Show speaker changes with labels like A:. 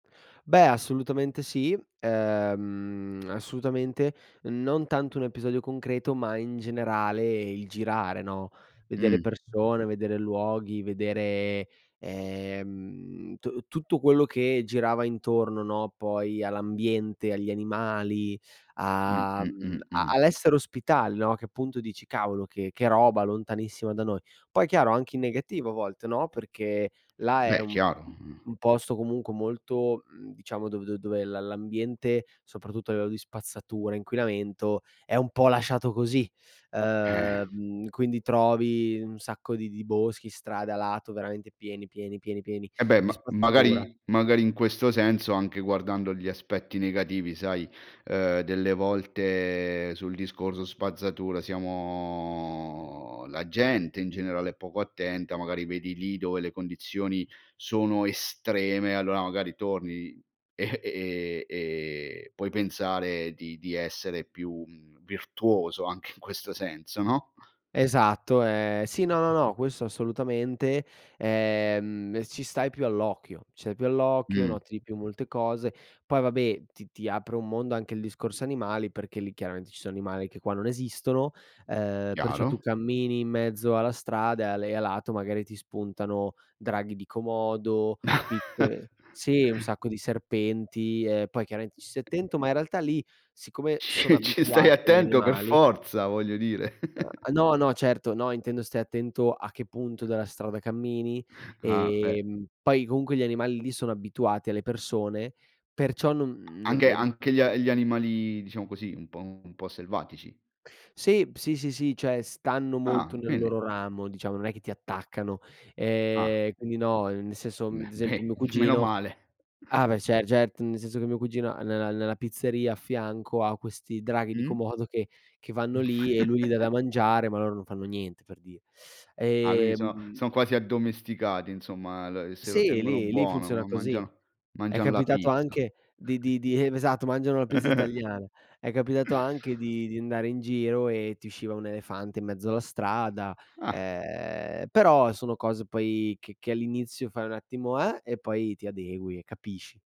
A: Beh, assolutamente sì, ehm, assolutamente. Non tanto 1 episodio concreto, ma in generale, il girare, no, vedere
B: Mh.
A: persone, vedere luoghi, vedere, ehm tu tutto quello che girava intorno, no, poi, all'ambiente, agli animali,
B: Mh,
A: a,
B: mh,
A: mhmm,
B: mh,
A: a
B: mh.
A: all'essere ospitali, no, che appunto dici: "Cavolo che che roba lontanissima da noi". Poi chiaro, anche in negativo a volte, no, perché, là è
B: Beh,
A: un
B: chiaro,
A: un
B: mhmm
A: un posto comunque molto, mhmm, diciamo, dove dove dov'è l la l'ambiente, soprattutto a livello di spazzatura, inquinamento, è un po' lasciato così.
B: Eh.
A: Ehm, quindi trovi, un sacco di di boschi, strade a lato, veramente pieni, pieni, pieni, pieni,
B: Eh beh,
A: di
B: ma
A: spazzatura.
B: magari magari, in questo senso, anche guardando gli aspetti negativi, sai, ehm, delle volte, sul discorso spazzatura, siamo la gente, in generale è poco attenta, magari vedi lì, dove le condizioni, sono estreme, allora magari torni, e e e e puoi pensare di di essere più, mhmm, virtuoso anche in questo senso, no?
A: Esatto, eh, sì, no, no, no, questo assolutamente. Ehm, ci stai più all'occhio, c'è più all'occhio,
B: Mh.
A: noti di più molte cose. Poi vabbè, ti ti apre un mondo anche il discorso animali, perché lì chiaramente ci sono animali che qua non esistono, ehm, perciò tu
B: Chiaro.
A: cammini in mezzo alla strada e a le e a lato, magari ti spuntano, draghi di Komodo, piccole sì, un sacco di serpenti, e poi chiaramente ci stai attento, ma in realtà lì, siccome sono
B: Ci ci stai
A: abituati agli
B: attento per
A: animali
B: forza, voglio dire.
A: No, no, certo, no, intendo, stai attento a che punto della strada cammini,
B: Ah, eh.
A: ehm, poi comunque gli animali lì sono abituati alle persone, perciò non non
B: Anche
A: è di
B: anche gli a gli animali, diciamo così, un po' un po' selvatici.
A: Sì. B sì, sì, sì, cioè, stanno
B: Ah,
A: molto nel
B: quindi
A: loro ramo, diciamo, non è che ti attaccano.
B: Ah.
A: Ehm, quindi no, ehm, nel senso,
B: Mh
A: mhmm, ad
B: beh.
A: esempio mio
B: Meno
A: cugino
B: male.
A: ah beh, cer gert n senso che mio cugino ha nella nella pizzeria a fianco ha questi draghi di
B: Mh?
A: Komodo, che che vanno lì, e lui gli dà da mangiare, ma loro non fanno niente, per dir
B: Ah, quindi sono
A: ehm
B: son quasi addomesticati, insomma, la ehm, se lo
A: Sì,
B: tengono
A: lì lì
B: buono,
A: funziona
B: ma
A: così.
B: mangia
A: È
B: mangian la
A: capitato
B: pizza.
A: anche di di di ehm, esatto, mangiano la pizza italiana. È capitato anche di di andare in giro, e ti usciva un elefante in mezzo alla strada.
B: Ah.
A: Ehm, però sono cose poi che che all'inizio fai un attimo: "Eh?!" e poi ti adegui e capisci.